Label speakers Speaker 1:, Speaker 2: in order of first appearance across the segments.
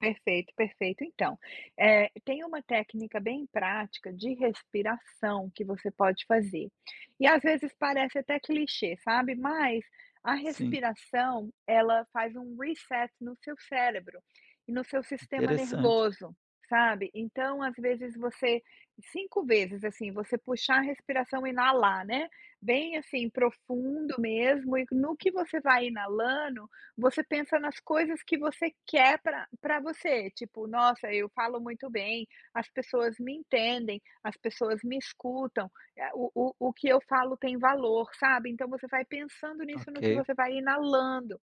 Speaker 1: Perfeito, perfeito. Então, eh, tem uma técnica bem prática de respiração que você pode fazer. E às vezes parece até que clichê, sabe. Mas a
Speaker 2: Sim.
Speaker 1: respiração, ela faz um reset no seu cérebro, e no seu sistema
Speaker 2: Interessante.
Speaker 1: nervoso, sabe, então às vezes você 5 vezes, assim, você puxar a respiração inalar, né, bem, assim, profundo mesmo e no que você vai inalando, você pensa nas coisas que você quer para para você, tipo: "Nossa, eu falo muito bem, as pessoas me entendem, as pessoas me escutam, ah, o o o que eu falo tem valor", sabe, então você vai pensando nisso no que
Speaker 2: Ok.
Speaker 1: você vai inalando,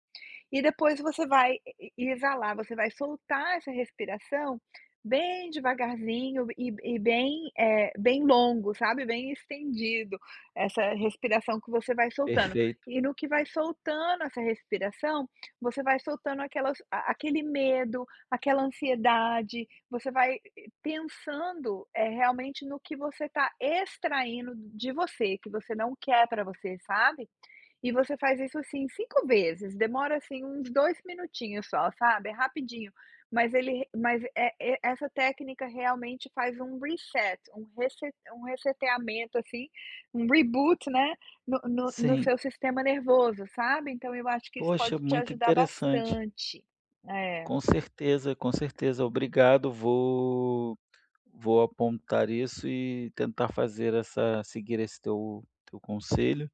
Speaker 1: e depois você vai e e exalar, você vai soltar essa respiração bem devagarzinho e b e bem, eh, bem longo, sabe, bem estendido, essa respiração que você vai soltando.
Speaker 2: Perfeito.
Speaker 1: E no que vai soltando essa respiração, você vai soltando aquelas a aquele medo, aquela ansiedade. Você vai pensando, eh, realmente, no que você tá extraindo de você, que você não quer para você, sabe. E você faz isso, assim, 5 vezes, demora, assim, uns 2 minutinhos só, sabe, é rapidinho, mas ele mas, eh, e essa técnica realmente faz um reset, um rese um reseteamento assim, um reboot, né, no no no
Speaker 2: Sim.
Speaker 1: seu sistema nervoso, sabe, então eu acho que isso
Speaker 2: Poxa,
Speaker 1: pode te
Speaker 2: muito
Speaker 1: ajudar
Speaker 2: interessante.
Speaker 1: bastante, é
Speaker 2: Com certeza, com certeza. Obrigado, vou vou apontar isso e tentar fazer essa seguir esse teu teu conselho.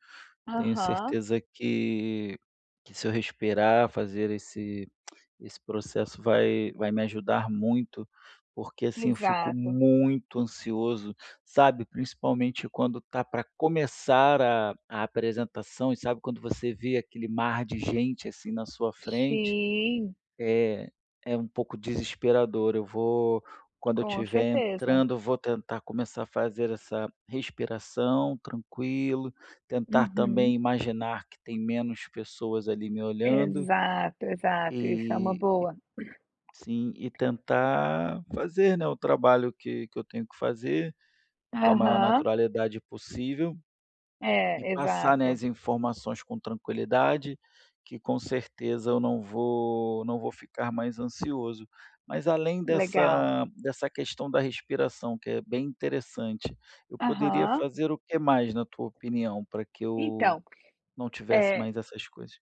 Speaker 2: Tenho
Speaker 1: Aham.
Speaker 2: certeza que que se eu respirar, fazer esse esse processo, vai vai me ajudar muito. Porque assim, eu fico
Speaker 1: Exato.
Speaker 2: muito ansioso, sabe, principalmente quando tá para começar a a apresentação, e sabe quando você vê aquele mar de gente, assim, na sua frente
Speaker 1: Sim.
Speaker 2: é é um pouco desesperador. Eu vou quando eu
Speaker 1: Com
Speaker 2: estiver
Speaker 1: certeza.
Speaker 2: entrando, eu vou tentar começar a fazer essa respiração, tranquilo, tentar
Speaker 1: Uhum.
Speaker 2: também imaginar que tem menos pessoas ali me olhando.
Speaker 1: Exato, exato. Isso é uma
Speaker 2: E
Speaker 1: boa.
Speaker 2: sim, e tentar fazer, né, o trabalho que que eu tenho que fazer com a maior
Speaker 1: Aham.
Speaker 2: naturalidade possível, e
Speaker 1: É,
Speaker 2: passar, né,
Speaker 1: exato.
Speaker 2: as informações com tranquilidade, que com certeza eu não vou não vou ficar mais ansioso. Mas além
Speaker 1: Legal.
Speaker 2: dessa dessa questão da respiração, que é bem interessante, eu poderia
Speaker 1: Aham.
Speaker 2: fazer o que mais, na tua opinião, para que eu
Speaker 1: Então,
Speaker 2: não tivesse
Speaker 1: eh
Speaker 2: mais essas coisas?